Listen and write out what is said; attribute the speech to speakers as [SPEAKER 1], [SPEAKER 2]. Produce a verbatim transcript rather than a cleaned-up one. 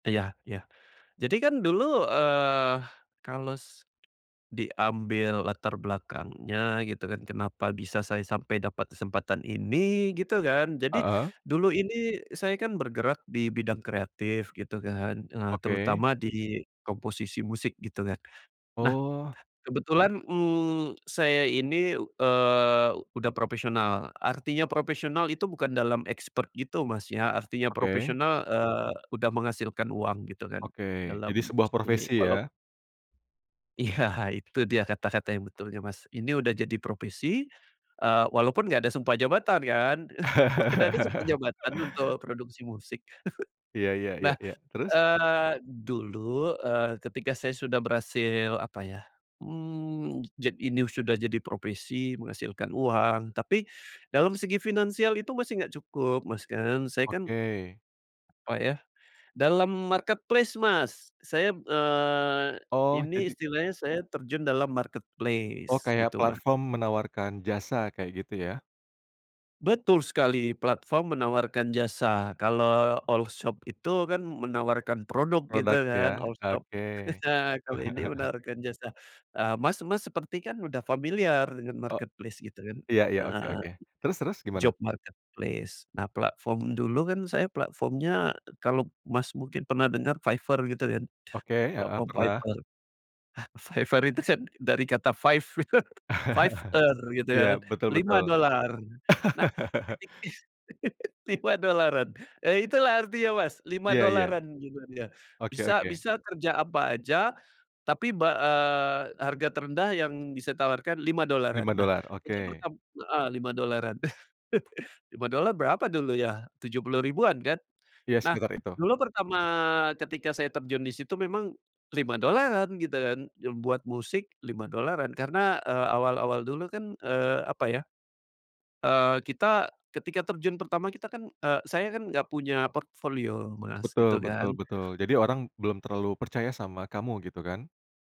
[SPEAKER 1] Iya iya, jadi kan dulu, eee, kalau s diambil latar belakangnya gitu kan kenapa bisa saya sampai dapat kesempatan ini gitu kan, jadi
[SPEAKER 2] Heeh.
[SPEAKER 1] dulu ini saya kan bergerak di bidang kreatif gitu kan, eee,
[SPEAKER 2] Oke.
[SPEAKER 1] terutama di komposisi musik gitu kan. Nah,
[SPEAKER 2] Oh.
[SPEAKER 1] kebetulan, mmm, saya ini, eee, udah profesional, artinya profesional itu bukan dalam expert gitu Mas ya artinya
[SPEAKER 2] Oke.
[SPEAKER 1] profesional, eee, udah menghasilkan uang gitu kan
[SPEAKER 2] Oke
[SPEAKER 1] dalam
[SPEAKER 2] jadi sebuah
[SPEAKER 1] musik ini
[SPEAKER 2] profesi
[SPEAKER 1] walau
[SPEAKER 2] ya.
[SPEAKER 1] Iya itu dia kata-kata yang betulnya Mas, ini udah jadi profesi, eee, walaupun gak ada sumpah jabatan kan mana ada sumpah jabatan untuk produksi musik.
[SPEAKER 2] Iya iya
[SPEAKER 1] Nah,
[SPEAKER 2] iya iya terus?
[SPEAKER 1] eee, dulu, eee, ketika saya sudah berhasil apa ya, mmm, jad ini sudah jadi profesi menghasilkan uang, tapi dalam segi finansial itu masih nggak cukup Mas kan saya kan,
[SPEAKER 2] Oke.
[SPEAKER 1] apa ya, dalam marketplace Mas saya, eee,
[SPEAKER 2] Oh
[SPEAKER 1] ini
[SPEAKER 2] jadi
[SPEAKER 1] istilahnya saya terjun dalam
[SPEAKER 2] Oh
[SPEAKER 1] marketplace
[SPEAKER 2] kayak
[SPEAKER 1] gitu Mas.
[SPEAKER 2] platform menawarkan jasa kayak gitu ya.
[SPEAKER 1] Betul sekali, platform menawarkan jasa kalau olshop itu kan menawarkan produk gitu kan
[SPEAKER 2] Produknya
[SPEAKER 1] olshop,
[SPEAKER 2] oke.
[SPEAKER 1] kalau ini menawarkan jasa, eee, Mas Mas seperti kan udah familiar dengan
[SPEAKER 2] Oh,
[SPEAKER 1] marketplace gitu kan,
[SPEAKER 2] iya iya oke
[SPEAKER 1] heeh,
[SPEAKER 2] oke terus terus gimana?
[SPEAKER 1] job marketplace nah platform dulu kan saya platformnya kalau Mas mungkin pernah denger Fiverr gitu kan,
[SPEAKER 2] Oke, heeh,
[SPEAKER 1] platform
[SPEAKER 2] pernah.
[SPEAKER 1] Fiverr. Ah Fiverr itu kan dari kata five Fiverr gitu
[SPEAKER 2] Iya
[SPEAKER 1] kan
[SPEAKER 2] betul betul.
[SPEAKER 1] lima dolar, nah ketik lima dolaran, eee, itulah artinya Mas lima
[SPEAKER 2] Iya iya,
[SPEAKER 1] dolaran gitu kan ya,
[SPEAKER 2] oke
[SPEAKER 1] bisa
[SPEAKER 2] oke.
[SPEAKER 1] bisa kerja apa aja, tapi ba eee, harga terendah yang bisa ditawarkan lima dolaran
[SPEAKER 2] lima
[SPEAKER 1] nah
[SPEAKER 2] dolar
[SPEAKER 1] itu
[SPEAKER 2] oke.
[SPEAKER 1] pertama heeh, lima dolaran. lima dolar berapa dulu ya? tujuh puluh ribuan kan,
[SPEAKER 2] Iya
[SPEAKER 1] nah
[SPEAKER 2] sekitar itu.
[SPEAKER 1] dulu pertama ketika saya terjun di situ memang lima dolaran gitu kan yang buat musik lima dolaran karena, eee, awal-awal dulu kan, eee, apa ya, eee, kita ketika terjun pertama kita kan, eee, saya kan nggak punya portofolio Mas gitu
[SPEAKER 2] Betul betul
[SPEAKER 1] kan.
[SPEAKER 2] betul jadi orang belum terlalu percaya sama kamu gitu kan?